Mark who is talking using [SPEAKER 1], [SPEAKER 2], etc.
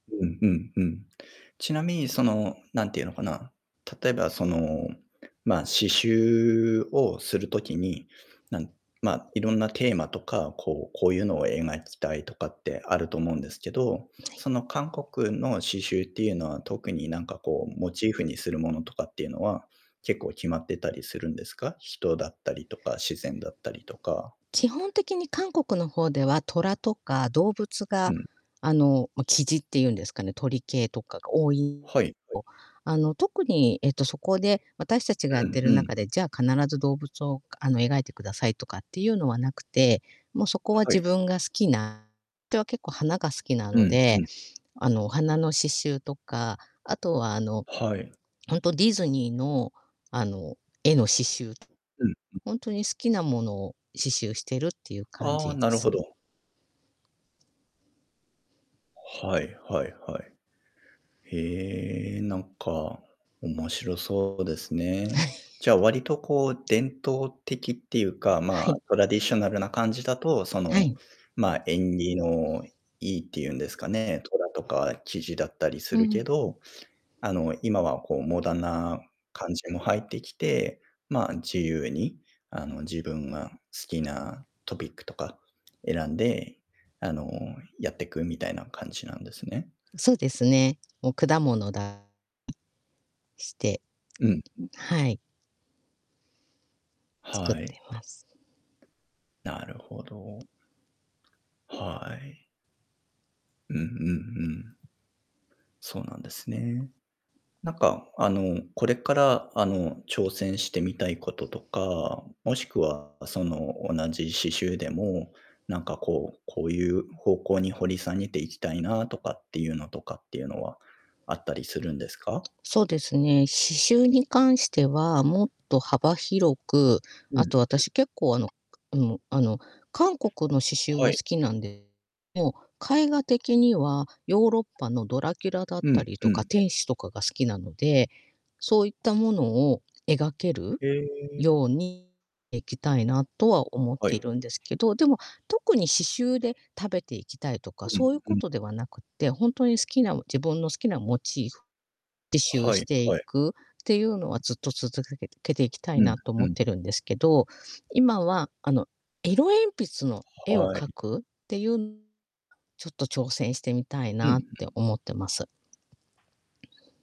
[SPEAKER 1] うんうんうん。ちなみにその、何て言うのかな、例えばその、ま、刺繍をする時に、なんま、色んなテーマとか、こう、こういうのを描きたいとかってあると思うんですけど、
[SPEAKER 2] ない。
[SPEAKER 1] その韓国の刺繍っていうのは特になんかこう、モチーフにするものとかっていうのは、結構決まってたりするんですか？人だったりとか自然だったりとか。
[SPEAKER 2] ちほん的に韓国の方では、虎とか動物
[SPEAKER 1] う
[SPEAKER 2] が、
[SPEAKER 1] ん。
[SPEAKER 2] あの、ま、雉っていうんですかね、鳥系とかが多い
[SPEAKER 1] はい、はい。
[SPEAKER 2] ぼ。あの、特に、えっと、そこで、私たちがやっ
[SPEAKER 1] う
[SPEAKER 2] て
[SPEAKER 1] ん
[SPEAKER 2] る
[SPEAKER 1] うん。
[SPEAKER 2] 中で、じゃあ、必ず動物を、かあの、描いてくださいとかっていうのはなくて、もうそこは
[SPEAKER 1] は
[SPEAKER 2] 自
[SPEAKER 1] い。
[SPEAKER 2] 分が好きなては結構花が好きな
[SPEAKER 1] う
[SPEAKER 2] の
[SPEAKER 1] ん
[SPEAKER 2] で、
[SPEAKER 1] うん。
[SPEAKER 2] あの、お花の刺繍とか、あとは、あの、
[SPEAKER 1] はい。
[SPEAKER 2] ほんとディズニーの、あの、絵の刺繍、
[SPEAKER 1] うんうん。
[SPEAKER 2] ほんとに好きなものを刺繍してるっていう感
[SPEAKER 1] ああ、
[SPEAKER 2] じ
[SPEAKER 1] な
[SPEAKER 2] で
[SPEAKER 1] るほ
[SPEAKER 2] すね。
[SPEAKER 1] ど。はいはいはい。へえ、なんか、面白そうですね。じゃあ、割とこう、伝統的っていうか、
[SPEAKER 2] は
[SPEAKER 1] まあ、
[SPEAKER 2] い。
[SPEAKER 1] トラディショナルな感じだと、そ
[SPEAKER 2] は
[SPEAKER 1] の、
[SPEAKER 2] い。
[SPEAKER 1] ま、縁起のいいって言うんですかね。虎とか雉だったりす
[SPEAKER 2] う
[SPEAKER 1] る
[SPEAKER 2] ん。
[SPEAKER 1] けど、あの、今はこう、モダンな感じも入ってきて、ま、自由に、あの、自分が好きなトピックとか選んで、あの、やってくみたいな感じなんですね。
[SPEAKER 2] そうですね。もう果物だ [unintelligible] して
[SPEAKER 1] うんうん。
[SPEAKER 2] はい。作っ
[SPEAKER 1] は
[SPEAKER 2] て
[SPEAKER 1] い。
[SPEAKER 2] ます。
[SPEAKER 1] なるほど。はい。うんうんうん。そうなんですね。なんか、あの、これから、あの、挑戦してみたいこととか、もしくはその、同じ刺繍でも、なんかこう、こういう方向に掘り下げていきたいな、とかっていうのとかっていうのは、あったりするんですか？
[SPEAKER 2] そうですね、刺繍に関しては、もっと幅広く、
[SPEAKER 1] うん
[SPEAKER 2] あと
[SPEAKER 1] うん。
[SPEAKER 2] 私結構、あの、くあの、あの、韓国の刺繍
[SPEAKER 1] は
[SPEAKER 2] は好
[SPEAKER 1] い。
[SPEAKER 2] きなんでもう、絵画的には、ヨーロッパのドラキュラだっ
[SPEAKER 1] う
[SPEAKER 2] た
[SPEAKER 1] ん
[SPEAKER 2] りと
[SPEAKER 1] う
[SPEAKER 2] か、
[SPEAKER 1] ん。
[SPEAKER 2] 天使とかが好きなので、そういったものを描ける
[SPEAKER 1] へえ。
[SPEAKER 2] ようにいきたいなとは思っ
[SPEAKER 1] は
[SPEAKER 2] てい
[SPEAKER 1] い。
[SPEAKER 2] るんですけど。でも、特に刺繍で食べていきたいとか
[SPEAKER 1] う
[SPEAKER 2] そ
[SPEAKER 1] ん
[SPEAKER 2] ういう
[SPEAKER 1] う
[SPEAKER 2] こ
[SPEAKER 1] ん。
[SPEAKER 2] とではなくて、ほんとに好きなも自分の好きなモチーフ、自習
[SPEAKER 1] は
[SPEAKER 2] し
[SPEAKER 1] い
[SPEAKER 2] てい
[SPEAKER 1] はい。
[SPEAKER 2] くっていうのはずっと続かけてけていきたい
[SPEAKER 1] うん
[SPEAKER 2] なと
[SPEAKER 1] う
[SPEAKER 2] 思っ
[SPEAKER 1] ん。
[SPEAKER 2] てるんですけど。今は、あの、色鉛筆の絵を
[SPEAKER 1] はい。
[SPEAKER 2] 描くっていう [unintelligible] ちょっと挑戦してみたい
[SPEAKER 1] うんう
[SPEAKER 2] なって
[SPEAKER 1] ん。
[SPEAKER 2] 思ってます。